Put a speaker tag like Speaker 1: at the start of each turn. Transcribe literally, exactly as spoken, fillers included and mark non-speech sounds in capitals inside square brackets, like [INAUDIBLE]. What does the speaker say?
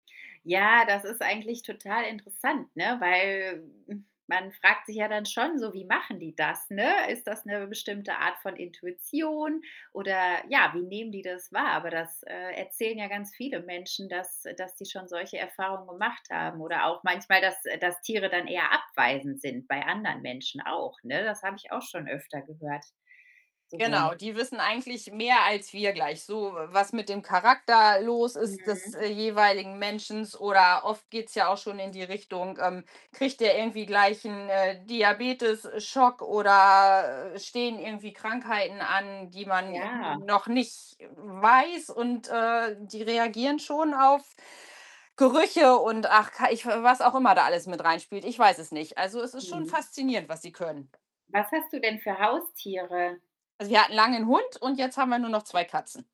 Speaker 1: Ja, das ist eigentlich total interessant, ne? Weil [GROANS] man fragt sich ja dann schon so: „Wie machen die das“, ne? Ist das 'ne bestimmte Art von Intuition oder ja, wie nehmen die das wahr? Aber das, äh, erzählen ja ganz viele Menschen, dass dass sie schon solche Erfahrungen gemacht haben oder auch manchmal, dass äh, dass Tiere dann eher abweisend sind bei anderen Menschen auch, ne? Das habe ich auch schon öfter gehört so.
Speaker 2: Genau, die wissen eigentlich mehr als wir gleich so, w was mit dem Charakter los ist des,
Speaker 1: Mhm.
Speaker 2: äh, jeweiligen menschens oder oft geht's ja auch schon in die Richtung, ähm, kriegt der irgendwie gleich 'n, äh, Diabetes-Schock oder, äh, stehen irgendwie Krankheiten an, die man irgendwie
Speaker 1: Ja.
Speaker 2: noch nicht weiß und, äh, die reagieren schon auf Gerüche und ach k ich was auch immer da alles mit reinspielt. Ich weiß es nicht. Also, es ist schon
Speaker 1: Mhm.
Speaker 2: faszinierend, was sie können.
Speaker 1: Was hast du denn für Haustiere?
Speaker 2: Also, wir hatten lange 'n Hund und jetzt haben wir nur noch zwei Katzen.